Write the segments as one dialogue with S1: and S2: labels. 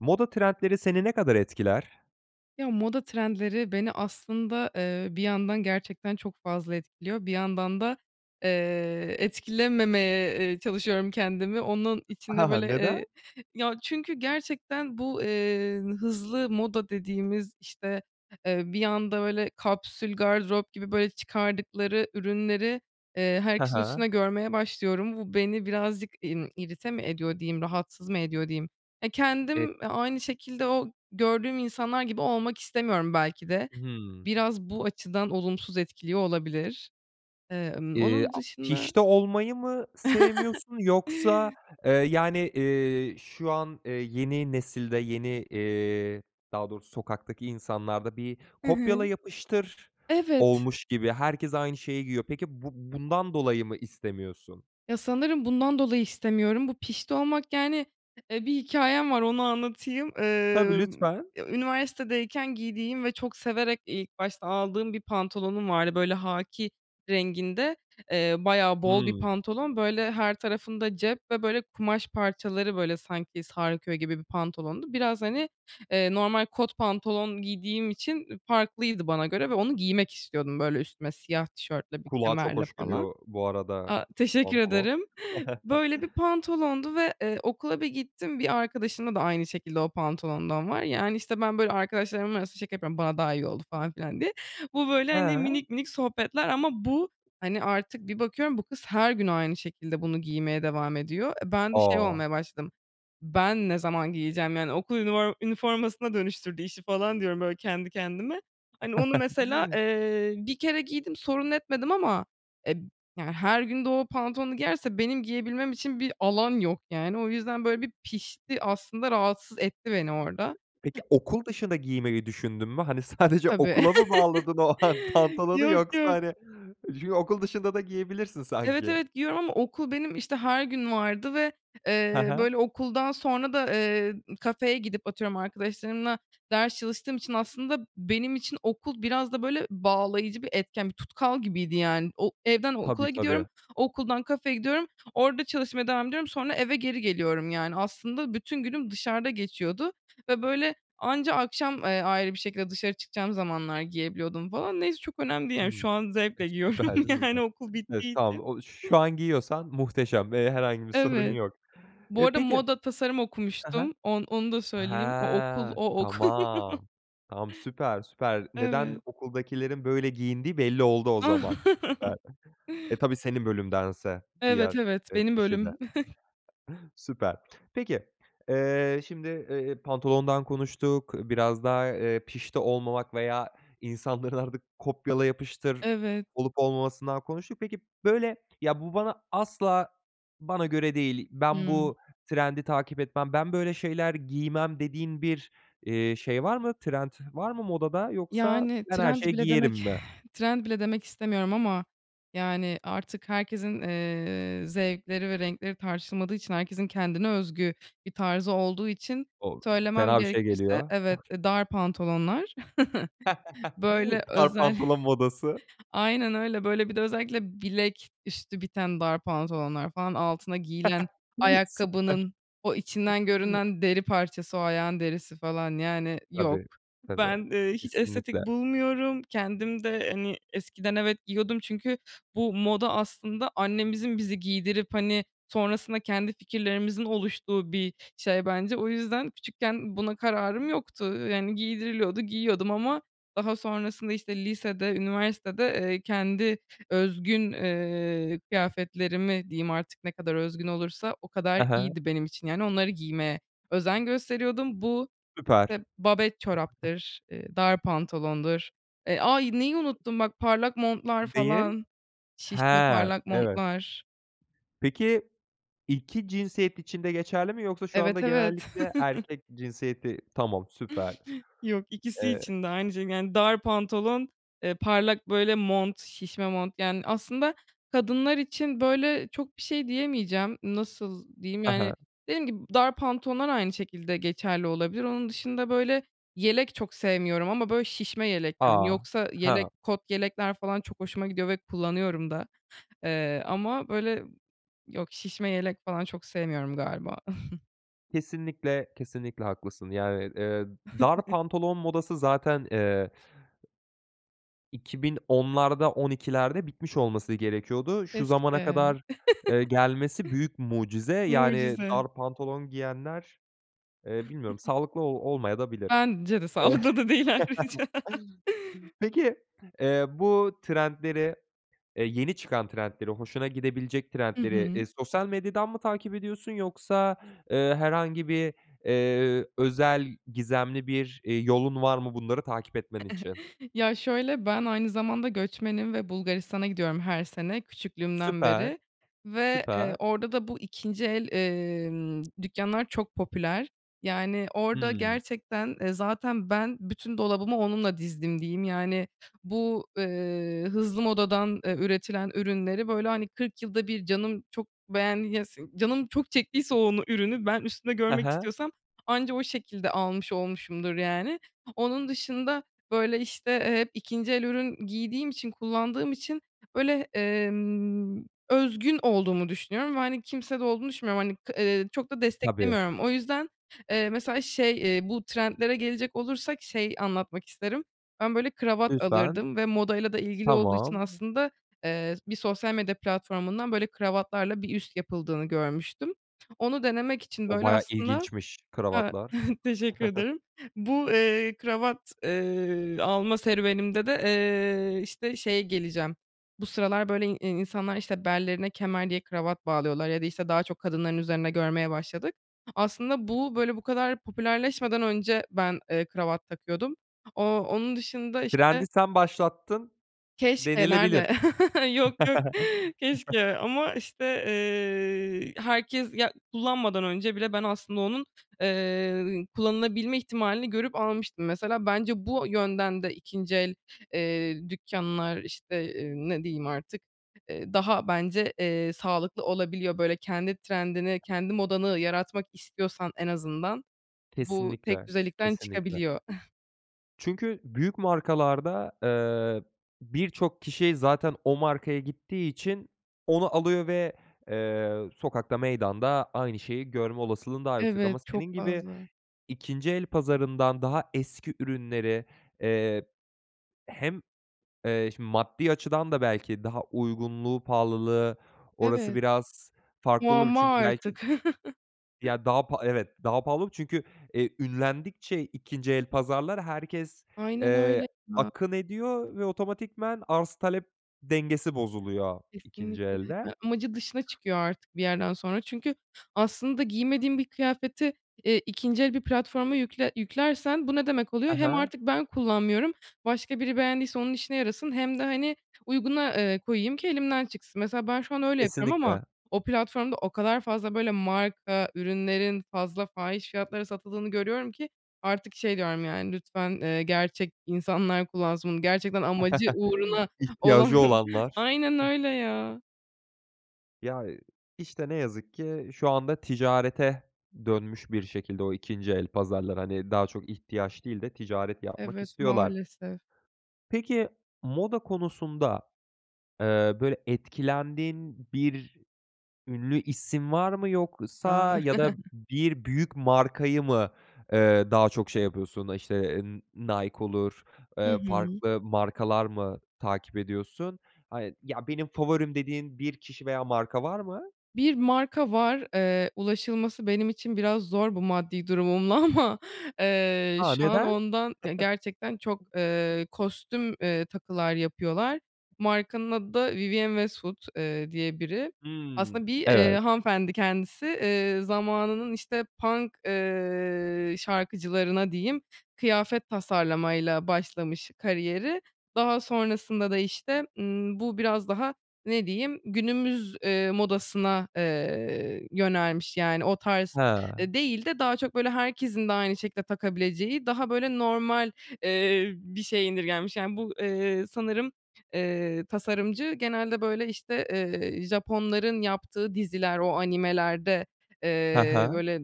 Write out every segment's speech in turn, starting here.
S1: Moda trendleri seni ne kadar etkiler?
S2: Ya moda trendleri beni aslında, eee, bir yandan gerçekten çok fazla etkiliyor. Bir yandan da, eee, etkilememeye, eee, çalışıyorum kendimi. Onun için de böyle,
S1: Neden?
S2: eee, ya, çünkü gerçekten bu, eee, hızlı moda dediğimiz, işte, eee, bir anda, böyle, kapsül gardırop gibi, böyle, çıkardıkları ürünleri, eee,
S1: Ha
S2: herkesin
S1: ha.
S2: üstünde görmeye başlıyorum. Bu, beni birazcık, imm, irite mi ediyor diyeyim, rahatsız mı ediyor diyeyim? E,
S1: E
S2: kendim, eee, aynı şekilde o gördüğüm insanlar gibi olmak istemiyorum belki de.
S1: Hımm.
S2: Biraz bu açıdan olumsuz etkiliyor olabilir. Eee, ımm,
S1: İii,
S2: onun
S1: a
S2: dışında
S1: pişti olmayı mı sevmiyorsun yoksa, eee, yani, eee, şu an, eee, yeni nesilde yeni, eee, daha doğrusu sokaktaki insanlarda bir
S2: Hı hı.
S1: kopyala yapıştır
S2: Evet.
S1: olmuş gibi herkes aynı şeyi giyiyor. Peki bu bundan dolayı mı istemiyorsun?
S2: Ya, sanırım bundan dolayı istemiyorum. Bu pişti olmak, yani, eee, bir hikâyem var, onu anlatayım.
S1: Tabii,
S2: Emm,
S1: lütfen.
S2: ya, üniversitedeyken giydiğim ve çok severek, iii, ilk başta aldığım bir pantolonum vardı. Böyle, hâkî renginde, eee, bayağı bol bir
S1: Hımm.
S2: pantolon, böyle, her tarafında cep ve, böyle, kumaş parçaları, böyle, sanki sarkıyor gibi bir pantolondu biraz, hani, eee, normal kot pantolon giydiğim için, ııı, farklıydı bana göre ve onu giymek istiyordum. Böyle, üstüme siyah tişörtle, bir
S1: Kulağa çok
S2: kemerle
S1: hoş
S2: falan.
S1: geliyor bu arada
S2: A, teşekkür
S1: pantolon.
S2: ederim. Böyle bir pantolondu ve, eee, okula bir gittim, bir arkadaşımda da aynı şekilde o pantolondan var. Yani, işte, ben böyle, arkadaşlarımın arasında şaka yapıyorum, bana daha iyi oldu falan filan diye. Bu böyle, hani,
S1: He.
S2: minik minik sohbetler ama bu, hani, artık bir bakıyorum bu kız her gün aynı şekilde bunu giymeye devam ediyor. E, ben de şey
S1: A!
S2: olmaya başladım, ben ne zaman giyeceğim, yani, okul ünivor üniformasına dönüştürdü işi falan diyorum, böyle, kendi kendime. Hani, onu mesela, eee, 1 kere giydim, sorun etmedim ama, eee, b yani, her gün de o pantolonu giyerse benim giyebilmem için bir alan yok yani, o yüzden böyle bir pişti aslında rahatsız etti beni orada.
S1: Peki, okul dışında giymeyi düşündün mü? Hani, sadece
S2: Tabii.
S1: okula mı bağladın o an pantolonu
S2: Yok,
S1: yoksa,
S2: yok.
S1: hani, ju okul dışında da giyebilirsin
S2: Evet,
S1: sanki.
S2: evet, giyiyorum ama okul benim, işte, her gün vardı ve,
S1: He
S2: eee,
S1: he.
S2: böyle, okuldan sonra da, eee, kafeye gidip atıyorum arkadaşlarımla ders çalıştığım için aslında benim için okul biraz da, böyle, bağlayıcı bir etken, bir tutkal gibiydi yani. O evden
S1: Tabii,
S2: okula gidiyorum,
S1: tabii.
S2: okuldan kafeye gidiyorum, orada çalışmaya devam ediyorum sonra eve geri geliyorum, yani, aslında bütün günüm dışarıda geçiyordu ve böyle anca akşam, eee, ayrı bir şekilde dışarı çıkacağım zamanlar giyebiliyordum falan neyse çok önemli değil, yani,
S1: Hımm.
S2: şu an
S1: E,
S2: zevkle giyiyorum,
S1: süper süper.
S2: yani, okul bittiği
S1: Estağfu
S2: için.
S1: o şu an giyiyorsan muhteşem ve herhangi bir sorun
S2: Evet.
S1: yok.
S2: Bu
S1: Eee,
S2: arada
S1: peki
S2: moda tasarım
S1: He he.
S2: okumuştum, on onu da söyleyeyim, o okul
S1: He,
S2: o okul
S1: tamam, tam süper, süper. Neden
S2: Evet.
S1: okuldakilerin böyle giyindiği belli oldu o zaman. Süper, e, tabii senin bölümdense
S2: Evet,
S1: diğer,
S2: evet,
S1: eee,
S2: benim
S1: kişi de.
S2: bölüm.
S1: Süper. Peki, eee, şimdi, eee, pantolondan konuştuk, biraz da, eee, pişti olmamak veya insanların artık kopyala yapıştır
S2: Evet.
S1: olup olmamasından konuştuk. Peki, böyle, ya bu bana asla bana göre değil, ben
S2: Hımm.
S1: bu trendi takip etmem, ben böyle şeyler giymem dediğin bir, eee, şey var mı? Trend var mı modada yoksa
S2: Yani,
S1: ben her
S2: trend
S1: şeyi
S2: bile
S1: giyerim
S2: demek
S1: mi?
S2: trend bile demek istemiyorum ama, yani, artık herkesin, eee, zevkleri ve renkleri tartışılmadığı için herkesin kendine özgü bir tarzı olduğu için
S1: O!
S2: söylemem
S1: Fena bir şey
S2: gerekirse
S1: geliyor. Eh.
S2: evet, eee, dar pantolonlar, böyle,
S1: Dar
S2: özel
S1: pantolon modası.
S2: aynen öyle, böyle bir de özellikle bilek üstü biten dar pantolonlar falan altına giyilen
S1: Süper.
S2: ayakkabının o içinden görünen deri parçası o ayağın derisi falan, yani, yok.
S1: Tabii, tabii.
S2: Ben, eee, hiç estetik
S1: Kesinlikle.
S2: bulmuyorum, kendim de, hani, eskiden evet, giyiyordum çünkü bu moda aslında annemizin bizi giydirip, hani, sonrasında kendi fikirlerimizin oluştuğu bir şey bence. O yüzden küçükken buna kararım yoktu, yan, giydiriliyordu, giyiyordum ama daha sonrasında, işte, lisede üniversitede, eee, kendi özgün, eee, kıyafetlerimi diyeyim artık, ne kadar özgün olursa o
S1: He
S2: kadar
S1: he.
S2: iyiydi benim için, yani, onları giymeye özen gösteriyordum. Bu, eee,
S1: Süper.
S2: babet çoraptır, eee, dar pantolondur, eee, ay, neyi unuttum bak parlak montlar,
S1: Neyi?
S2: falan, şişme
S1: He,
S2: parlak
S1: evet.
S2: montlar.
S1: Peki, iki cinsiyet için de geçerli mi yoksa şu
S2: Evet,
S1: anda
S2: evet.
S1: genellikle erkek cinsiyeti Tamam süper.
S2: Yok, ikisi
S1: Eee
S2: için de aynı şey, yani, dar pantolon, eee, parlak, böyle, mont, şişme mont, yani, aslında kadınlar için böyle çok bir şey diyemeyeceğim. Nasıl diyeyim,
S1: He he.
S2: yani, dediğim gibi dar pantolonlar aynı şekilde geçerli olabilir. Onun dışında, böyle, yelek çok sevmiyorum ama, böyle, şişme yelek, yani,
S1: A!
S2: yoksa yelek
S1: Ha.
S2: kot yelekler falan çok hoşuma gidiyor ve kullanıyorum da, eee, ama, böyle, yok, şişme yelek falan çok sevmiyorum galiba.
S1: Kesinlikle, kesinlikle haklısın. Yani, eee, dar pantolon modası zaten, eee 2010'larda 12'lerde bitmiş olması gerekiyordu. Şu zamana
S2: Keşke.
S1: kadar, eee, gelmesi büyük mucize, yani,
S2: Mucize.
S1: dar pantolon giyenler, eee, bilmiyorum sağlıklı o olmayadabilir.
S2: Bence de.
S1: Eee,
S2: Sağlıklı da değil ayrıca.
S1: peki, eee, bu trendleri, eee, yeni çıkan trendleri, hoşuna gidebilecek
S2: Hı
S1: trendleri,
S2: hı.
S1: eee, sosyal medyadan mı takip ediyorsun yoksa, eee, herhangi bir, eee, özel, gizemli bir, eee, yolun var mı? Bunları takip etmen için.
S2: Ya, şöyle, ben aynı zamanda göçmenim ve Bulgaristan'a gidiyorum her sene, küçüklüğümden
S1: Süper,
S2: beri ve, eee,
S1: süper.
S2: orada da bu 2'nci el, emm, dükkânlar çok popüler. Yani, orada
S1: Hıı.
S2: gerçekten, eee, zaten ben "bütün dolabımı onunla dizdim" diyeyim. Yani, bu, ııı, hızlı modadan, eee, üretilen ürünleri, böyle, hani, kırk yılda bir canım çok beğen ya si canım çok çektiyse onu ürünü ben üstümde
S1: He
S2: görmek
S1: he.
S2: istiyorsam anca o şekilde almış olmuşumdur, yani. Onun dışında, böyle, işte, eee, hep 2'nci el ürün giydiğim için, kullandığım için, böyle, emm, özgün olduğumu düşünüyorum ve, hani, kimsede olduğunu düşünmüyorum. Hani, k ııı, çok da
S1: Tabii.
S2: desteklemiyorum. O yüzden, eee, mesela, şey, eee, bu trendlere gelecek olursak şey anlatmak isterim, ben, böyle, kravat
S1: Lütfen.
S2: alırdım ve modayla da ilgili olduğu için,
S1: Tamam.
S2: aslında, eee, bir sosyal medya platformundan, böyle, kravatlarla bir üst yapıldığını görmüştüm. Onu denemek için,
S1: O
S2: böyle,
S1: bayağı
S2: aslında
S1: ilginçmiş,
S2: Ha,
S1: kravatlar.
S2: teşekkür ederim. Bu, eee, kravat, eee, alma serüvenimde de, eee, işte, şeye geleceğim. Bu sıralar, böyle, in insanlar, işte, bellerine kemer diye kravat bağlıyorlar ya da, işte, daha çok kadınların üzerinde görmeye başladık. Aslında bu, böyle, bu kadar popülerleşmeden önce ben, eee, kravat takıyordum. Ooo, onun dışında,
S1: Trendi
S2: işte
S1: sen başlattın
S2: Keşke
S1: denilebilir.
S2: nerde? Yok, yok, keşke ama, işte, eee, herkes, ya, kullanmadan önce bile ben aslında onun, eee, kullanılabilme ihtimalini görüp almıştım. Mesela, bence bu yönden de 2'nci el, eee, dükkânlar, işte, ııı, ne diyeyim artık, eee, daha, bence, eee, sağlıklı olabiliyor. Böyle, kendi trendini, kendi modanı yaratmak istiyorsan en azından bu
S1: Kesinlikle,
S2: tekdüzelikten
S1: kesinlikle.
S2: çıkabiliyor.
S1: Çünkü büyük markalarda, eee, birçok kişi zaten o markaya gittiği için onu alıyor ve, eee, sokakta, meydanda aynı şeyi görme olasılığın daha yüksek
S2: Evet,
S1: ama
S2: çok
S1: senin gibi
S2: fazla.
S1: 2'nci el pazarından daha eski ürünleri, eee, hem, eee, şimdi, maddi açıdan da, belki, daha uygunluğu, pahalılığı orası
S2: Evet.
S1: biraz farklı olabilir
S2: Muamma
S1: çünkü, belki
S2: artık.
S1: Ya, daha pa Evet, daha pahalı olabilir çünkü, eee, ünlendikçe 2'nci el pazarlar herkes,
S2: Aynen
S1: eee,
S2: öyle ya.
S1: akın ediyor ve otomatikman arz, talep dengesi bozuluyor 2'nci
S2: Kesinlikle, yani,
S1: elde.
S2: amacı dışına çıkıyor artık bir yerden sonra çünkü aslında giymediğim bir kıyafeti, eee, 2'nci bir platforma yükle yüklersen bu ne demek oluyor?
S1: He
S2: Hem
S1: he.
S2: artık ben kullanmıyorum, başka biri beğendiyse onun işine yarasın hem de, hani, uyguna, eee, koyayım ki elimden çıksın. Mesela, ben şu an öyle yapıyorum ama
S1: Kesinlikle.
S2: o platformda o kadar fazla, böyle, marka ürünlerin fazla fahiş fiyatlara satıldığını görüyorum ki artık şey diyorum, yani, "Lütfen, eee, gerçek insanlar kullansın bunu." Gerçekten amacı uğruna olan,
S1: İhtiyacı olanlar.
S2: aynen öyle, ya.
S1: Ya, işte, ne yazık ki şu anda ticarete dönmüş bir şekilde o 2. el pazarları, hani, daha çok ihtiyaç değil de ticaret yapmak
S2: Evet,
S1: istiyorlar.
S2: maalesef.
S1: Peki moda konusunda, eee, böyle etkilendiğin bir ünlü isim var mı?
S2: A.
S1: Yoksa ya da bir büyük markayı mı, ııı, daha çok şey yapıyorsun, işte, N Nike olur,
S2: Hı
S1: eee
S2: hı.
S1: farklı markalar mı takip ediyorsun? Hani, "Ya, benim favorim." dediğin bir kişi veya marka var mı?
S2: Bir marka var, eee, ulaşılması benim için biraz zor bu maddi durumumla ama, eee,
S1: A!
S2: şu an
S1: Neden?
S2: ondan ya, gerçekten çok, eee, kostüm, eee, takılar yapıyorlar. Markanın adı da "Vivienne Westwood" eee, diye biri.
S1: Hımm,
S2: Aslında bir, iii,
S1: evet.
S2: hanımefendi kendisi, ııı, zamanının işte punk, ııı, şarkıcılarına diyeyim kıyafet tasarlama ile başlamış kariyeri. Daha sonrasında da işte, ımm, bu biraz daha ne diyeyim günümüz, ııı, modasına, eee, yönelmiş, yani o tarz,
S1: He.
S2: eee, değil de daha çok böyle herkesin de aynı şekilde takabileceği daha böyle normal, eee, bir şeye indirgenmiş. Yani bu, eee, sanırım, eee, tasarımcı genelde, böyle, işte, eee, Japonların yaptığı diziler, o animelerde,
S1: He
S2: eee,
S1: he.
S2: böyle,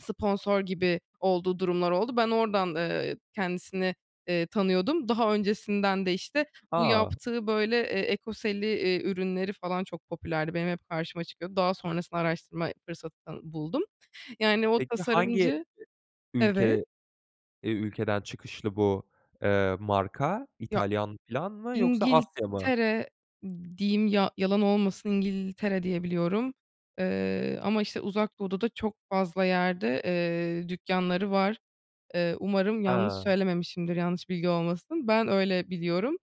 S2: sponsor gibi olduğu durumlar oldu. Ben oradan, eee, kendisini, eee, tanıyordum. Daha öncesinden de işte bu
S1: A!
S2: yaptığı böyle, eee, ekoseli, iii, ürünleri falan çok popülerdi. Benim hep karşıma çıkıyordu. Daha sonrasında araştırma fırsatını buldum, yani o
S1: Peki hangi
S2: tasarımcı evet.
S1: ülke eee, ülkeden çıkışlı bu, eee, marka
S2: Ya
S1: İtalyan filan mı? Yoksa Asya mı?
S2: İngiltere diyeyim, ya yalan olmasın, İngiltere diye biliyorum, ııı, ama işte Uzak Doğu'da da çok fazla yerde, ııı, dükkânları var. Iıı, umarım yanlış
S1: Ha.
S2: söylememişimdir. Yanlış bilgi olmasın. Ben öyle biliyorum,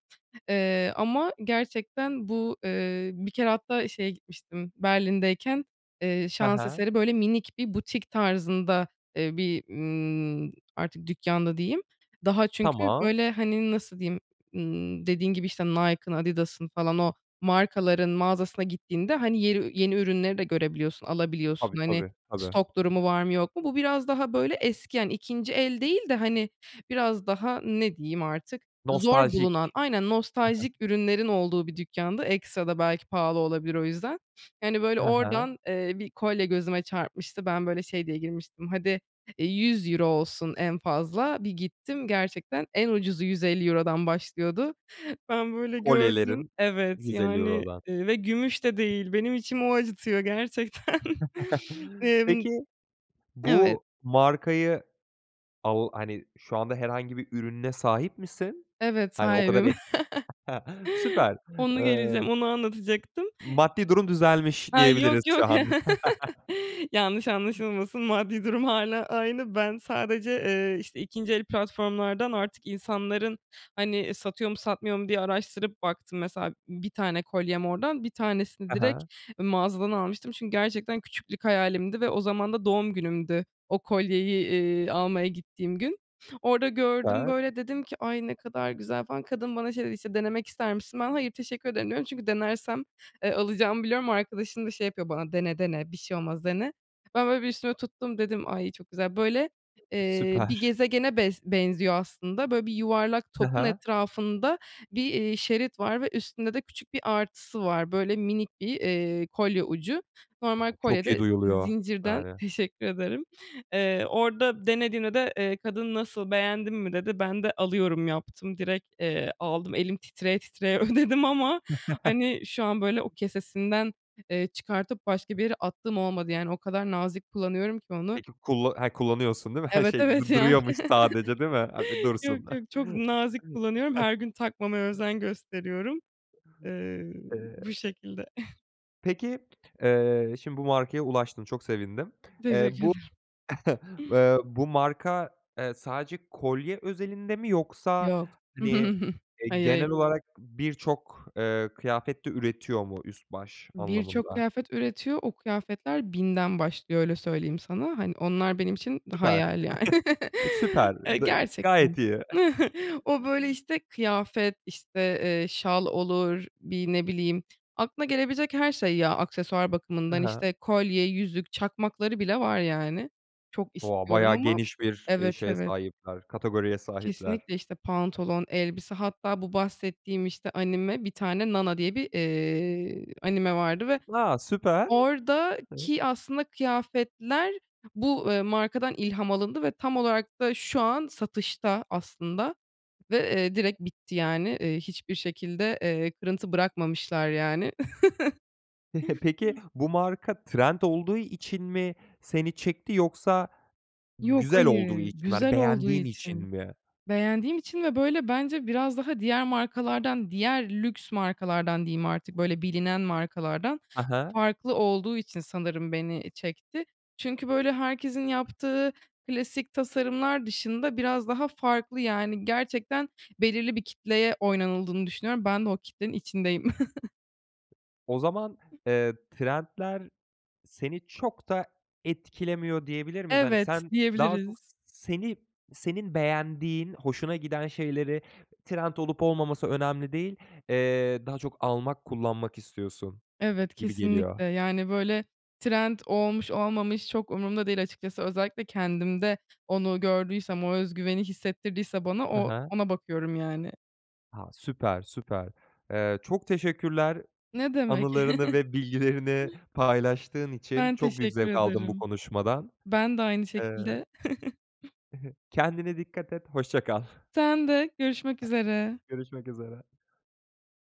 S2: ııı, ama gerçekten bu, ııı, bir kere hatta şeye gitmiştim. Berlin'deyken, eee,
S1: He
S2: şans
S1: he.
S2: eseri böyle minik bir butik tarzında, ııı, bir, ımm, artık dükkândı diyeyim, daha çünkü
S1: Tamam.
S2: böyle, hani, nasıl diyeyim, ımm, dediğin gibi, işte, Nike'ın, Adidas'ın falan o markaların mağazasına gittiğinde, hani, yeri yeni ürünleri de görebiliyorsun, alabiliyorsun,
S1: Tabii,
S2: hani
S1: tabii, tabii.
S2: stok durumu var mı yok mu, bu biraz daha böyle eski, yani 2. el değil de, hani, biraz daha, ne diyeyim, artık zor
S1: Nostaljik.
S2: bulunan, aynen
S1: Hı hı.
S2: nostaljik ürünlerin olduğu bir dükkânda, ekstra da belki pahalı olabilir o yüzden. Yani böyle
S1: Hı hı.
S2: oradan, eee, bir kolye gözüme çarpmıştı, ben böyle şey diye girmiştim, hadi, eee, €100 olsun en fazla, bir gittim gerçekten en ucuzu €150'dan başlıyordu. Ben böyle gördüm,
S1: Kolyelerin
S2: evet,
S1: yüz elli
S2: yani,
S1: eurodan.
S2: ııı, ve gümüş de değil, benim içimi o acıtıyor gerçekten. Imm
S1: Peki
S2: Evet.
S1: bu markayı au hani, şu anda herhangi bir ürününe sahip misin?
S2: Evet
S1: Hani o kadar
S2: sahibim.
S1: etki Süper.
S2: Onu geleceğim,
S1: Imm,
S2: onu anlatacaktım.
S1: maddi durum düzelmiş
S2: Ha,
S1: diyebiliriz
S2: yok
S1: şu
S2: yok,
S1: anda.
S2: yanlış anlaşılmasın, maddi durum hâlâ aynı. Ben sadece, eee, işte 2. el platformlardan artık insanların, hani, satıyor mu satmıyor mu diye araştırıp baktım, mesela b bir tane kolyem oradan, bir tanesini
S1: He he.
S2: direkt mağazadan almıştım çünkü gerçekten küçüklük hayalimdi ve o zaman da doğum günümdü o kolyeyi, iii, almaya gittiğim gün. Orada gördüm
S1: Süper.
S2: böyle, dedim ki, "Ay, ne kadar güzel" falan. Kadın bana şey dedi, işte, "Denemek ister misin?" Ben, "Hayır, teşekkür ederim." diyorum. Çünkü denersem, eee, alacağımı biliyorum. Arkadaşım da şey yapıyor bana, "Dene dene, bir şey olmaz, dene." Ben böyle bir üstüme tuttum, dedim, "Ay, çok güzel." böyle, eee, bir
S1: Süper.
S2: gezegene bes benziyor aslında, böyle bir yuvarlak
S1: He
S2: topun
S1: he.
S2: etrafında bir, iii, şerit var ve üstünde de küçük bir artısı var, böyle minik bir, iii, kolye ucu.
S1: A,
S2: Normal kolye
S1: çok iyi
S2: de
S1: duyuluyor,
S2: zincirden,
S1: yani.
S2: teşekkür ederim. Eee, orada denediğimde de, eee, kadın, "Nasıl, beğendin mi?" dedi. Ben de, "Alıyorum" yaptım direkt, eee, aldım, elim titreye titreye ödedim ama, hani, şu an böyle o kesesinden, eee, çıkartıp başka bir yere attığım olmadı. Yani o kadar nazik kullanıyorum ki onu.
S1: Peki kulla he, kullanıyorsun değil mi? He,
S2: Evet,
S1: şey
S2: evet,
S1: d
S2: yani,
S1: duruyormuş sadece değil mi? [unintelligible]
S2: yok
S1: Dursun.
S2: yok, çok nazik kullanıyorum. Her gün takmamaya özen gösteriyorum. Iıı, bu
S1: Eee
S2: şekilde.
S1: Peki, eee, şimdi bu markaya ulaştın, çok sevindim. Eee,
S2: Teşekkür
S1: bu
S2: ederim.
S1: eee, bu marka, eee, sadece kolye özelinde mi yoksa,
S2: Yok.
S1: hani, eee,
S2: Hayır, hayır.
S1: genel olarak birçok, eee, kıyafet de üretiyor mu üst baş
S2: Birçok
S1: anlamında?
S2: kıyafet üretiyor, o kıyafetler 1000'den başlıyor öyle söyleyeyim sana, hani, onlar benim için
S1: Süper,
S2: hayal ya.
S1: süper,
S2: Eee,
S1: dı
S2: gerçekten.
S1: gayet iyi.
S2: O, böyle, işte, kıyafet, işte, eee, şal olur, bir ne bileyim aklına gelebilecek her şey ya aksesuar
S1: Hı
S2: bakımından,
S1: hı.
S2: işte, kolye, yüzük, çakmakları bile var yani, çok
S1: O,
S2: istiyorum
S1: bayağı
S2: ama
S1: geniş bir, eee,
S2: Evet,
S1: şeye
S2: evet.
S1: sahipler, kategoriye sahipler.
S2: Kesinlikle işte, pantolon, elbise hatta bu bahsettiğim, işte, anime bir tane Nana diye bir, eee, anime vardı ve
S1: A! Süper! [unintelligible]
S2: oradaki aslında kıyafetler bu, eee, markadan ilham alındı ve tam olarak da şu an satışta aslında ve, eee, direkt bitti yani, eee, hiçbir şekilde, eee, kırıntı bırakmamışlar yani.
S1: Peki, bu marka trend olduğu için mi seni çekti yoksa
S2: Yok
S1: güzel olduğu
S2: hayır,
S1: için mi, hani,
S2: güzel olduğu
S1: beğendiğin için
S2: için,
S1: mi?
S2: beğendiğim için ve böyle bence biraz daha diğer markalardan, diğer lüks markalardan diyeyim artık, böyle, bilinen markalardan
S1: Ha ha.
S2: farklı olduğu için sanırım beni çekti. Çünkü, böyle, herkesin yaptığı klasik tasarımlar dışında biraz daha farklı, yani, gerçekten belirli bir kitleye oynanıldığını düşünüyorum. Ben de o kitlenin içindeyim.
S1: O zaman, eee, trendler seni çok da etkilemiyor diyebilir miyiz? Hani,
S2: Evet,
S1: sen daha çok s
S2: diyebiliriz.
S1: seni senin beğendiğin, hoşuna giden şeyleri trend olup olmaması önemli değil, eee, daha çok almak, kullanmak istiyorsun
S2: Evet,
S1: gibi geliyor.
S2: kesinlikle, yani, böyle, trend olmuş olmamış çok umrumda değil açıkçası. Özellikle kendimde onu gördüysem, o özgüveni hissettirdiyse bana
S1: He
S2: o
S1: he.
S2: ona bakıyorum yani.
S1: Ha, süper, süper. Eee, çok teşekkürler
S2: Ne demek.
S1: anılarını ve bilgilerini paylaştığın için.
S2: Ben
S1: Çok büyük
S2: teşekkür
S1: zevk aldım bu
S2: ederim.
S1: konuşmadan.
S2: Ben de aynı
S1: Eee
S2: şekilde.
S1: Kendine dikkat et, hoşça kal.
S2: Sen de, görüşmek üzere.
S1: Görüşmek üzere.